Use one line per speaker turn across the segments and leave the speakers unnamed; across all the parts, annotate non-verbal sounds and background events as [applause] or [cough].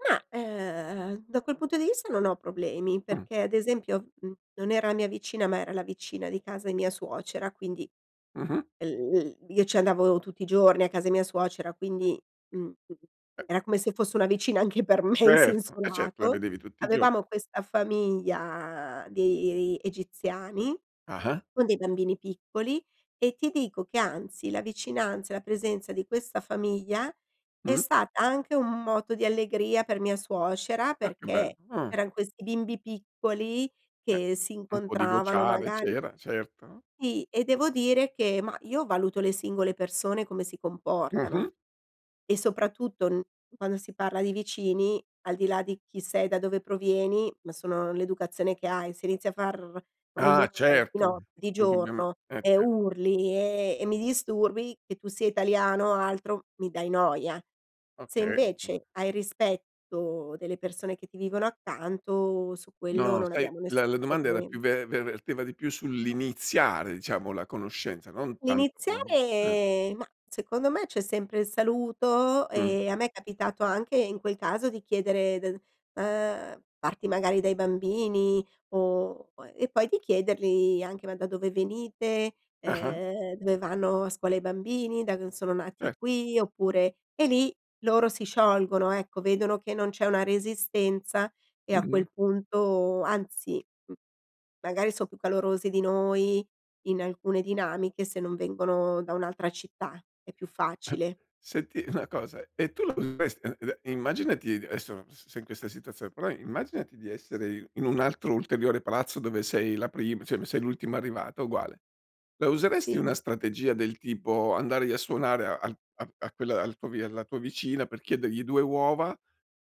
Ma, ehm, da quel punto di vista non ho problemi,
Mh.
perché ad esempio, mhmm, non era la mia vicina, ma era la vicina di casa di mia suocera, quindi
Mh-mh.
l l io ci andavo tutti i giorni a casa di mia suocera, quindi, mhmm, era come se fosse una vicina anche per me in
Certo,
senso
eh certo, la
lato.
vedevi tutti i gio
Avevamo questa famiglia di egiziani
Ah-ah.
con dei bambini piccoli, e ti dico che anzi, la vicinanza e la presenza di questa famiglia è
Mh.
stata anche un moto di allegria per mia suocera,
Ah, che bell
perché
mh.
erano questi bimbi piccoli
Eh,
che si
un po' di
incontravano
vociare
magari
c'era, certo.
Sì, e devo dire che ma io valuto le singole persone come si comportano
Mh-mh.
e soprattutto n quando si parla di vicini, al di là di chi sei, da dove provieni, ma sono l'educazione che hai, se inizi a far
Ah,
rumore di
certo.
notte, di
Indubbiame
giorno
eh,
e
certo.
urli e e mi disturbi, che tu sia italiano o altro, mi dai noia. Se
Okay. [unintelligible]
invece hai rispetto delle persone che ti vivono accanto su quello
No,
non
sai,
abbiamo
la la
nessun
domanda era più
problem
ve ver verteva di più sull'iniziare diciamo la conoscenza, non tanto eh.
Iniziare, ma, secondo me c'è sempre il saluto
Mh.
e a me è capitato anche in quel caso di chiedere del, uhm, parti magari dai bambini o e poi di chiedergli anche: "Ma da dove venite?"
Ah-ah.
Uhm: "Dove vanno a scuola i bambini? Da dove sono
Eh.
nati? Qui, oppure" e lì loro si sciolgono, ecco, vedono che non c'è una resistenza e a
Mh-mh.
quel punto, anzi m magari so' più calorosi di noi in alcune dinamiche, se non vengono da un'altra città, è più
[chuckles]
facile.
Senti una cosa, e tu la useresti [unintelligible] immaginati adesso s sei in questa situazio però immaginati di essere in un altro ulteriore palazzo dove sei la prim cioè m sei l'ultimo arrivato, uguale. La useresti
Sì.
una strategia del tipo andar i a suonare a a a quella al tuo v alla tua vicina per chiedergli 2 uova,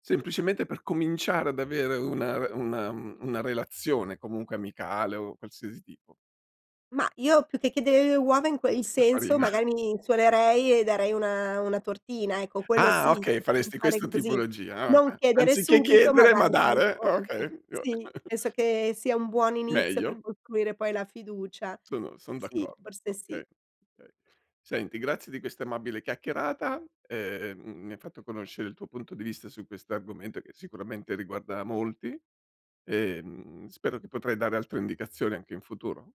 semplicemente per cominciare ad avere una una una relazione comunque amicale o qualsiasi tipo?
Ma, io più che chiedere le uova in quei
La
senso
farina.
magari mi suonerei e darei una una tortina, ecco quello
Ah,
sì,
okay. Faresti
[unintelligible]
questa
così.
tipologia, ah,
Non
okay.
chiedere
Anziché
subito, ma
chiedere ma
dare poi
dare. Ah,
[unintelligible]
okay, io
sì,
[chuckles]
penso che sia un buon inizio per
Meglio.
costruire poi la fiducia.
Sono son
Sì,
d'accordo.
forse sì.
Okay, okay. Senti, grazie di questa amabile chiacchierata, ehm, mi hai fatto conoscere il tuo punto di vista su questo argomento che sicuramente riguarda molti. Ehm, spero che potrai dare altre indicazioni, anche in futuro.